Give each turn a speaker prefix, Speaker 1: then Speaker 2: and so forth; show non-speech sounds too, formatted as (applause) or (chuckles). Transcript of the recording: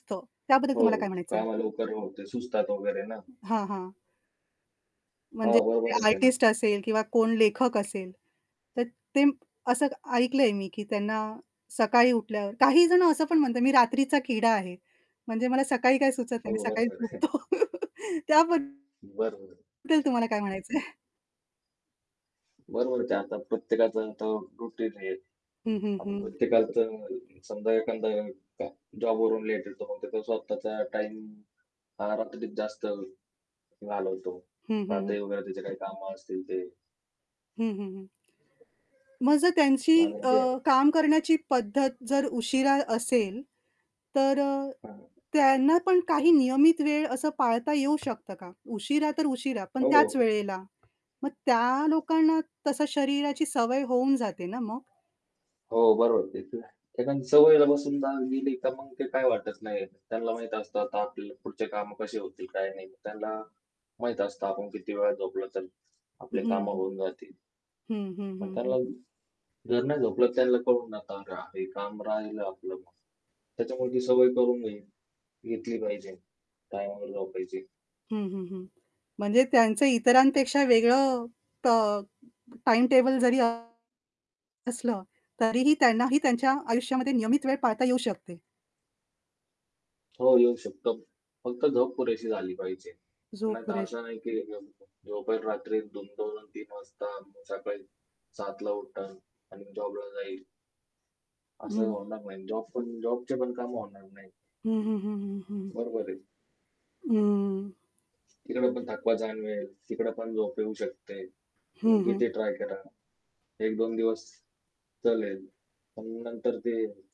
Speaker 1: हो. त्याबद्दल
Speaker 2: हो,
Speaker 1: तुम्हाला काय म्हणायचंय?
Speaker 2: कामं लवकर होते. सुचतात वगैरे ना.
Speaker 1: हां, हां.
Speaker 2: हो
Speaker 1: म्हणजे कोणी
Speaker 2: बरोबरच आहे ना.
Speaker 1: आर्टिस्ट असेल किंवा कोण लेखक असेल, तर ते असं ऐकलंय मी की त्यांना सकाळी उठल्यावर काही जण असं पण म्हणतात, "मी रात्रीचा किडा आहे. म्हणजे मला सकाळी काय सुचत
Speaker 2: हो
Speaker 1: नाही. मी सकाळी
Speaker 2: बरोबर आहे.
Speaker 1: झोपतो." (chuckles) त्याबद्दल
Speaker 2: बरोबर.
Speaker 1: तुम्हाला काय म्हणायचंय?
Speaker 2: बरोबरच आहे. आता प्रत्येकाचं तो रूटीन आहे.
Speaker 1: हं, हं,
Speaker 2: आ
Speaker 1: हं.
Speaker 2: प्रत्येकाचं समजा एखादा का जॉबवरून लेट येतो मग त्याचा स्वतःचा टाईम हा रात्रीच जास्त घालवतो.
Speaker 1: हं, हं, हं.
Speaker 2: रात्री वगैरे त्याची काही कामं असतील ते.
Speaker 1: हं, हं, हं. मग जर त्यांची अ,
Speaker 2: (unintelligible)
Speaker 1: काम करण्याची पद्धत जर उशिरा असेल, तर अ,
Speaker 2: हां.
Speaker 1: त्यांना पण काही नियमित वेळ असं पाळता येऊ शकतं का? उशिरा तर उशिरा, पण त्याच
Speaker 2: हो.
Speaker 1: वेळेला. मग त्या लोकांना तसं शरीराची सवय होऊन जाते ना मग?
Speaker 2: हो बरोबर. ते तर आहे. एखादी सवयला बसून जा गेली तर मग ते काही वाटत नाही. त्यांना माहीत असतं आता आपली पुढची कामं कशी होतील काय नाही. त्यांना माहीत असतं आपण किती वेळा झोपलं तर
Speaker 1: हं,
Speaker 2: आपली कामं
Speaker 1: हं.
Speaker 2: होऊन जातील.
Speaker 1: हं, हं,
Speaker 2: पण
Speaker 1: हं, हं.
Speaker 2: त्यांना जर नाही झोपलं त्यांना कळू नका हे काम राहिलं आपलं मग. त्याच्यामुळे ती सवय करून घे घेतली पाहिजे. टाइमवर झोपायची.
Speaker 1: हं, हं, हं. म्हणजे त्यांचं इतरांपेक्षा वेगळं टॉ टाईम टेबल जरी असलं तरीही त्यांनाही त्यांच्या आयुष्यामध्ये नियमित वेळ पाळता येऊ शकते.
Speaker 2: हो येऊ शकतो. फक्त झोप पुरेशी झाली पाहिजे.
Speaker 1: झोप
Speaker 2: नाहीतर
Speaker 1: पुरेेशी
Speaker 2: असं नाही की (unintelligible) झोपेल रात्री 2:00-2:00 आणि 3:00 वाजता अन् मग सकाळी 7:00ला उठेल आणि जॉबला जाईल. असं
Speaker 1: हं.
Speaker 2: होणार नाही. जॉब पण जॉबचे पण कामं होणार नाही.
Speaker 1: हं, हं, हं, हं, हं.
Speaker 2: बरोबर आहे.
Speaker 1: हं.
Speaker 2: तिकडे पण थकवा जाणवेल. तिकडे पण झोप येऊ शकते. तुम्ही
Speaker 1: हं, हं.
Speaker 2: किती ट्राय करा. 1-2 दिवस चालेल. पण नंतर ते